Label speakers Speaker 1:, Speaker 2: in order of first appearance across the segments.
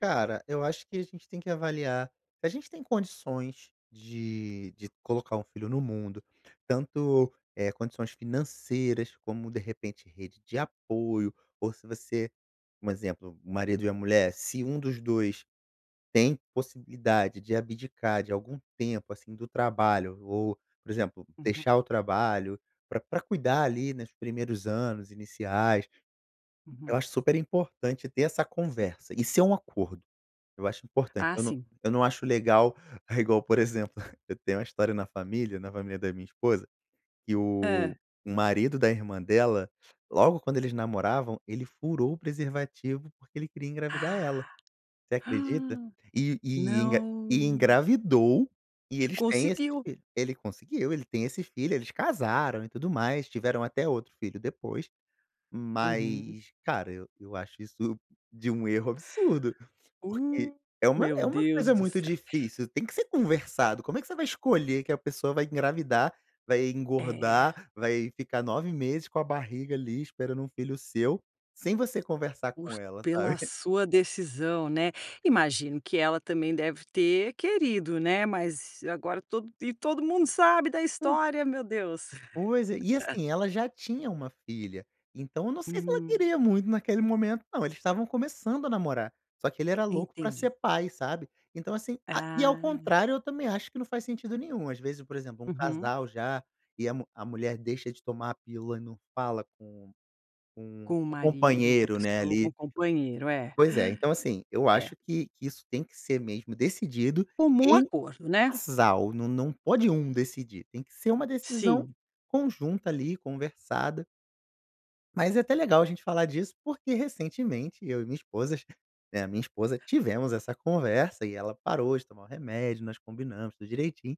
Speaker 1: Cara, eu acho que a gente tem que avaliar: "A gente tem condições de de colocar um filho no mundo, tanto, eh, condições financeiras, como de repente rede de apoio ou se você, um exemplo, o marido e a mulher, se 1 dos 2 tem possibilidade de abdicar de algum tempo, assim, do trabalho ou, por exemplo,
Speaker 2: Uhum.
Speaker 1: deixar o trabalho, pra pra cuidar ali, nos primeiros anos iniciais",
Speaker 2: Uhum.
Speaker 1: eu acho super importante ter essa conversa, isso é um acordo. Eu acho importante,
Speaker 2: Ah,
Speaker 1: eu não
Speaker 2: sim.
Speaker 1: eu não acho legal, igual por exemplo, eu tenho uma história na família, na família da minha esposa, que
Speaker 2: Hã.
Speaker 1: o o marido da irmã dela, logo quando eles namoravam, ele furou o preservativo porque ele queria engravidar ela,
Speaker 2: Ah.
Speaker 1: você acredita?
Speaker 2: Hum.
Speaker 1: E engra e
Speaker 2: Não, se
Speaker 1: engravidou, e
Speaker 2: E
Speaker 1: eles têm esse
Speaker 2: conseguiu.
Speaker 1: filho ele conseguiu, ele tem esse filho, eles casaram e tudo mais, tiveram até outro filho depois,
Speaker 2: Uhum.
Speaker 1: mas, cara, eu eu acho isso de um erro absurdo, porque
Speaker 2: Uh,
Speaker 1: é uma
Speaker 2: meu
Speaker 1: é uma
Speaker 2: Deus
Speaker 1: coisa
Speaker 2: do
Speaker 1: muito
Speaker 2: céu
Speaker 1: difícil, tem que ser conversado, como é que você vai escolher que a pessoa vai engravidar, vai
Speaker 2: É.
Speaker 1: engordar, vai ficar 9 meses, com a barriga ali esperando um filho seu, sem você conversar com
Speaker 2: Os
Speaker 1: ela,
Speaker 2: pela
Speaker 1: sabe.
Speaker 2: sua decisão, né. Imagino que ela também deve ter querido, né, mas, agora todo e todo mundo sabe da
Speaker 1: Po
Speaker 2: história, meu Deus.
Speaker 1: Pois é e, assim, ela já tinha uma filha, então eu não sei se ela
Speaker 2: Uhum.
Speaker 1: queria muito naquele momento não, eles estavam começando a namorar. Só que ele era louco pra
Speaker 2: Entendi.
Speaker 1: ser pai, sabe. Então, assim, a e ao
Speaker 2: Ah.
Speaker 1: contrário, eu também acho que não faz sentido nenhum, às vezes, por exemplo, um
Speaker 2: Uhum.
Speaker 1: casal já e a mu a mulher deixa de tomar a pílula e não fala com com
Speaker 2: Com o
Speaker 1: o
Speaker 2: marido, com a
Speaker 1: companheiro, né,
Speaker 2: pessoa, com
Speaker 1: ali.
Speaker 2: o companheiro, é.
Speaker 1: Pois é, então, assim, eu
Speaker 2: É.
Speaker 1: acho que que isso tem que ser mesmo decidido
Speaker 2: Comum
Speaker 1: em
Speaker 2: acordo, né.
Speaker 1: casal, não não pode 1 decidir, tem que ser uma decisão
Speaker 2: Sim.
Speaker 1: conjunta ali, conversada mas é até legal a gente falar disso, porque recentemente, eu e minha esposas, né, a minha esposa, tivemos essa conversa e ela parou de tomar o remédio, nós combinamos tudo direitinho,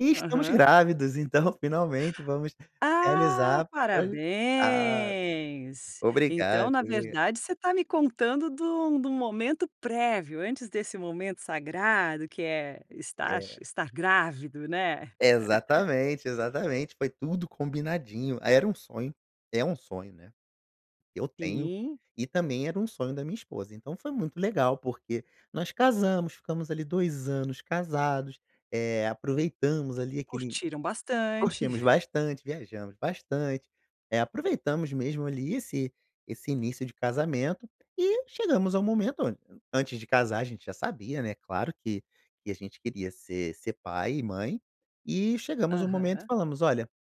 Speaker 1: e estamos
Speaker 2: Aham.
Speaker 1: grávidos, então, finalmente, vamos
Speaker 2: Ah,
Speaker 1: realizar, olha ah,
Speaker 2: parabéns! Então,
Speaker 1: obrigado
Speaker 2: na
Speaker 1: [unintelligible]
Speaker 2: verdade você está me contando de um de um momento prévio, antes desse momento sagrado, que é estar
Speaker 1: É.
Speaker 2: estar grávido, né.
Speaker 1: Exatamente, exatamente, foi tudo combinadinho, ah, era um sonho, é um sonho, né. Eu tenho,
Speaker 2: Sim.
Speaker 1: e também era um sonho da minha esposa, então foi muito legal porque, nós casamos, ficamos ali 2 anos casados, eh, aproveitamos ali aquele
Speaker 2: Curtiram bastante.
Speaker 1: curtimos bastante, viajamos bastante, eh, aproveitamos mesmo ali, esse esse início de casamento e chegamos ao momento, an antes de casar a gente já sabia, né, claro que que a gente queria ser ser pai e mãe, e chegamos ao momento e
Speaker 2: Aham.
Speaker 1: falamos: "Olha"